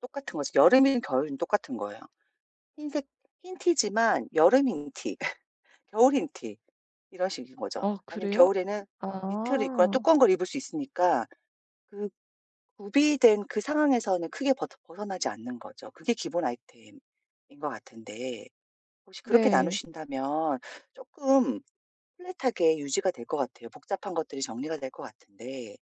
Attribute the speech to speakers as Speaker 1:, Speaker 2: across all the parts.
Speaker 1: 똑같은 거지. 여름이든 겨울이든 똑같은 거예요. 흰색 흰 티지만 여름 흰 티 겨울 흰 티 이런 식인 거죠.
Speaker 2: 어
Speaker 1: 아니면
Speaker 2: 그래요?
Speaker 1: 겨울에는 니트를 입거나
Speaker 2: 아.
Speaker 1: 두꺼운 걸 입을 수 있으니까 그 구비된 그 상황에서는 크게 버터 벗어나지 않는 거죠. 그게 기본 아이템인 거 같은데 혹시 그렇게
Speaker 2: 네.
Speaker 1: 나누신다면 쪼끔 플랫하게 유지가 될 것 같아요. 복잡한 것들이 정리가 될 것 같은데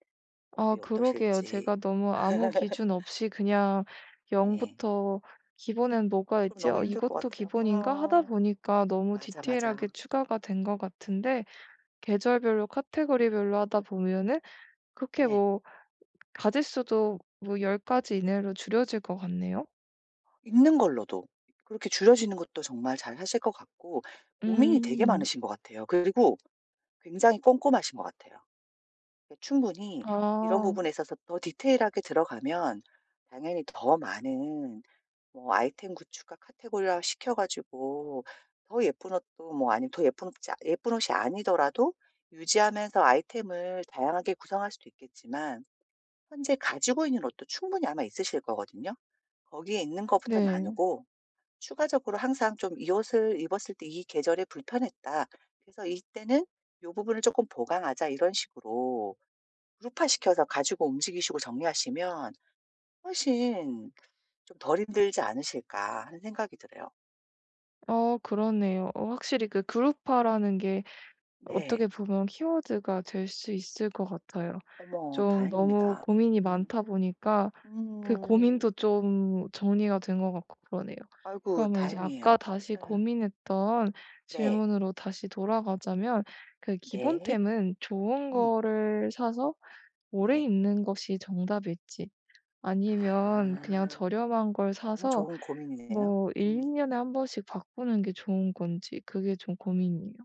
Speaker 2: 아
Speaker 1: 어때요,
Speaker 2: 그러게요.
Speaker 1: 어떠실지?
Speaker 2: 제가 너무 아무 기준 없이 그냥 '0
Speaker 1: 예.
Speaker 2: 부터 기본에는
Speaker 1: 아
Speaker 2: 뭐가
Speaker 1: 그럼
Speaker 2: 있지?
Speaker 1: 너무
Speaker 2: 아
Speaker 1: 힘들 것
Speaker 2: 이것도
Speaker 1: 같아요.
Speaker 2: 기본인가?' 하다
Speaker 1: 어어.
Speaker 2: 보니까 너무
Speaker 1: 맞아, 맞아.
Speaker 2: 디테일하게 추가가 된 것 같은데 계절별로 카테고리별로 하다 보면은 그렇게
Speaker 1: 예.
Speaker 2: 뭐 가짓수도 뭐 10 가지 이내로 줄여질 것 같네요.
Speaker 1: 있는 걸로도 그렇게 줄여지는 것도 정말 잘하실 것 같고 고민이 되게
Speaker 2: 음.
Speaker 1: 많으신 것 같아요. 그리고 굉장히 꼼꼼하신 것 같아요. 예 충분히 이런
Speaker 2: 아.
Speaker 1: 부분에 있어서 더 디테일하게 들어가면 당연히 더 많은 뭐 아이템 구축과 카테고리화시켜 가지고 더 예쁜 옷도 뭐 아니면 더 예쁜 옷 자 예쁜 옷이 아니더라도 유지하면서 아이템을 다양하게 구성할 수도 있겠지만 현재 가지고 있는 옷도 충분히 아마 있으실 거거든요. '거기에 있는 것부터
Speaker 2: 네.
Speaker 1: 나누고 추가적으로 항상 좀 "이 옷을 입었을 때 이 계절에 불편했다. 그래서 이때는 요 부분을 쪼끔 보강하자." 이런 식으로 그룹화시켜서 가지고 움직이시고 정리하시면 '훨씬 좀 덜 힘들지 않으실까?' 하는 생각이 들어요.
Speaker 2: 어 그러네요. 어 확실히 그 그룹화라는 게
Speaker 1: 네.
Speaker 2: 어떻게 보면 키워드가 될 수 있을 것 같아요.
Speaker 1: 어머.
Speaker 2: 좀 너무
Speaker 1: 다행입니다.
Speaker 2: 고민이
Speaker 1: 음.
Speaker 2: 많다 보니까 그
Speaker 1: 음.
Speaker 2: 고민도 좀 정리가 된 것 같고 그러네요.
Speaker 1: 아이고.
Speaker 2: 그러면 이제
Speaker 1: 다행이에요.
Speaker 2: 아까 다시
Speaker 1: 예.
Speaker 2: 고민했던
Speaker 1: 네.
Speaker 2: 질문으로 다시 돌아가자면 그
Speaker 1: 네.
Speaker 2: 기본템은 좋은
Speaker 1: 음.
Speaker 2: 거를 사서 오래
Speaker 1: 네.
Speaker 2: 입는 것이 정답일지 아니면 그냥
Speaker 1: 아.
Speaker 2: 저렴한 걸
Speaker 1: 너무
Speaker 2: 사서
Speaker 1: 좋은 고민이네요.
Speaker 2: 뭐 1-2
Speaker 1: 음.
Speaker 2: 년에 1 번씩 바꾸는 게 좋은 건지 그게 좀 고민이에요.